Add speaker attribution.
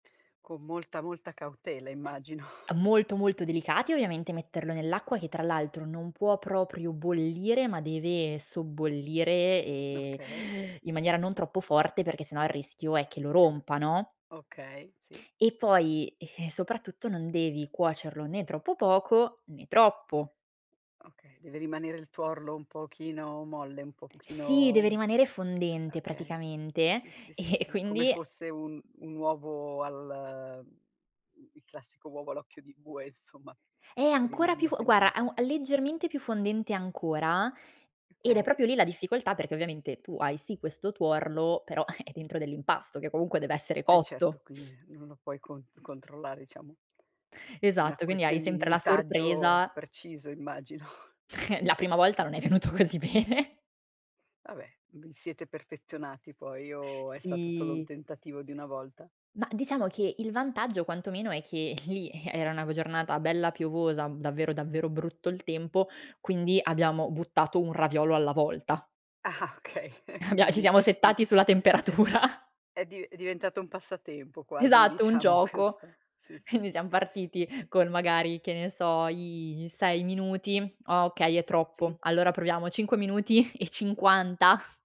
Speaker 1: Con molta, molta cautela immagino.
Speaker 2: A molto, molto, delicati, ovviamente, metterlo nell'acqua, che tra l'altro, non può proprio bollire, ma deve sobbollire, ehm,
Speaker 1: Okay.
Speaker 2: in maniera non troppo forte, perché sennò, il rischio è che lo
Speaker 1: [unintelligible]
Speaker 2: rompa, no?
Speaker 1: Okay, sì.
Speaker 2: E poi, eh, soprattutto, non devi cuocerlo né troppo poco, né troppo.
Speaker 1: Okay, deve rimanere il tuorlo un pochino molle, un po
Speaker 2: Sì, deve
Speaker 1: pochino
Speaker 2: rimanere
Speaker 1: e
Speaker 2: fondente
Speaker 1: okay.
Speaker 2: praticamente,
Speaker 1: Sì, sì, sì,
Speaker 2: e
Speaker 1: sì, come
Speaker 2: quindi
Speaker 1: fosse un un uovo al mhmm mhmm, il classico uovo all'occhio di bue, insomma,
Speaker 2: Eh,
Speaker 1: che
Speaker 2: ancora più
Speaker 1: rimane
Speaker 2: f
Speaker 1: sempre
Speaker 2: guarda,
Speaker 1: un
Speaker 2: a
Speaker 1: po'
Speaker 2: un
Speaker 1: più
Speaker 2: leggermente più fondente ancora, ed è
Speaker 1: Okay.
Speaker 2: proprio lì la difficoltà, perché ovviamente tu hai sì questo tuorlo, però, è dentro a dell'impasto, che comunque, dev'essere
Speaker 1: Eh
Speaker 2: cotto!
Speaker 1: certo, quindi, ehm, non lo puoi con controllare diciamo. È una
Speaker 2: Esatto, quindi hai
Speaker 1: questione di
Speaker 2: sempre la
Speaker 1: minutaggio
Speaker 2: sorpresa
Speaker 1: preciso, immagino.
Speaker 2: La prima volta non è venuto così bene.
Speaker 1: Vabbè, vi siete perfezionati poi, o è stato solo un
Speaker 2: Sì.
Speaker 1: tentativo di 1 volta?
Speaker 2: Mah, diciamo che, il vantaggio, quantomeno, è che lì, eh, era una v giornata bella piovosa, v davvero, davvero brutto il tempo, quindi, abbiamo buttato 1 raviolo alla volta.
Speaker 1: Ah-ah, okay,
Speaker 2: Abbia ci
Speaker 1: quindi
Speaker 2: siamo
Speaker 1: di
Speaker 2: settati sulla
Speaker 1: d cioè
Speaker 2: temperatura.
Speaker 1: è dive è diventato un passatempo quasi,
Speaker 2: Esatto, un
Speaker 1: diciamo,
Speaker 2: gioco.
Speaker 1: questo sì, sì,
Speaker 2: Quindi,
Speaker 1: sì.
Speaker 2: siam partiti con magari, che ne so, i i 6 minuti: "Ah, okay, è troppo.
Speaker 1: Sì.
Speaker 2: Allora, proviamo 5 minuti e 50."